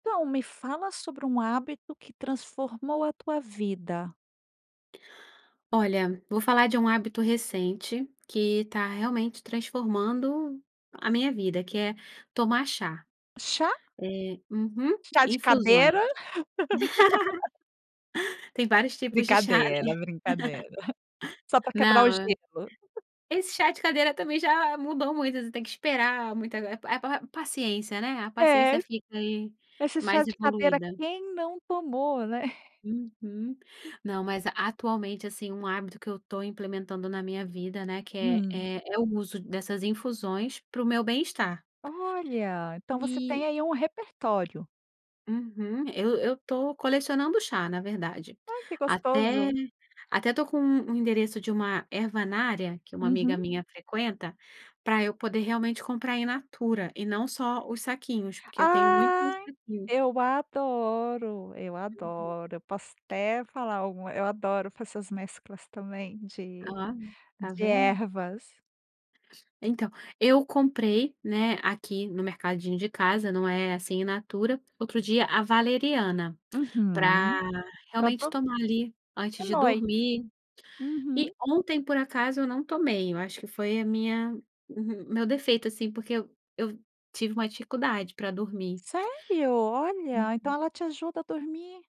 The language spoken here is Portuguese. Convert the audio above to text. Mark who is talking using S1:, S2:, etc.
S1: Então, me fala sobre um hábito que transformou a tua vida.
S2: Olha, vou falar de um hábito recente, que tá realmente transformando a minha vida, que é tomar chá.
S1: Chá?
S2: É, uhum,
S1: Chá de
S2: infusões.
S1: cadeira?
S2: Tem vários tipos de chá, né,
S1: Brincadeira, brincadeira, só para quebrar o
S2: não,
S1: gelo.
S2: esse chá de cadeira também já mudou muitas, você tem que esperar, muita pa pa paciência, né, a paciência
S1: É.
S2: fica aí
S1: Esses chá
S2: mais
S1: de cadeira
S2: evoluída.
S1: quem não tomou, né.
S2: Uhum. Não mas atualmente assim um hábito que eu estou implementando na minha vida, né, que é
S1: Hum.
S2: é é o uso dessas infusões para o meu bem-estar.
S1: Olha, então você tem
S2: E
S1: aí um repertório.
S2: Uhum, eu eu estou colecionando chá na verdade.
S1: Ai que
S2: Até
S1: gostoso.
S2: até estou com um endereço de uma ervanária, que uma amiga
S1: Uhum.
S2: minha frequenta, para eu poder realmente comprar em natura, e não só os saquinhos porque eu tenho muito nos
S1: Ai
S2: saquinhos.
S1: eu adoro, eu
S2: Uhum.
S1: adoro, eu posso até falar alguma eu adoro fazer as mesclas também de,
S2: Oh, tá
S1: de
S2: vendo?
S1: ervas.
S2: Então eu comprei, né, aqui no mercadinho de casa, não é assim in natura, outro dia a valeriana, para
S1: Uhum. Para
S2: realmente
S1: todos
S2: tomar ali antes de
S1: nós.
S2: dormir. E
S1: Uhum.
S2: ontem por acaso eu não tomei, eu acho que foi a minha o meu defeito, assim, porque eu eu tive uma dificuldade para dormir.
S1: Sério? Olha, então
S2: Uhum.
S1: ela te ajuda a dormir.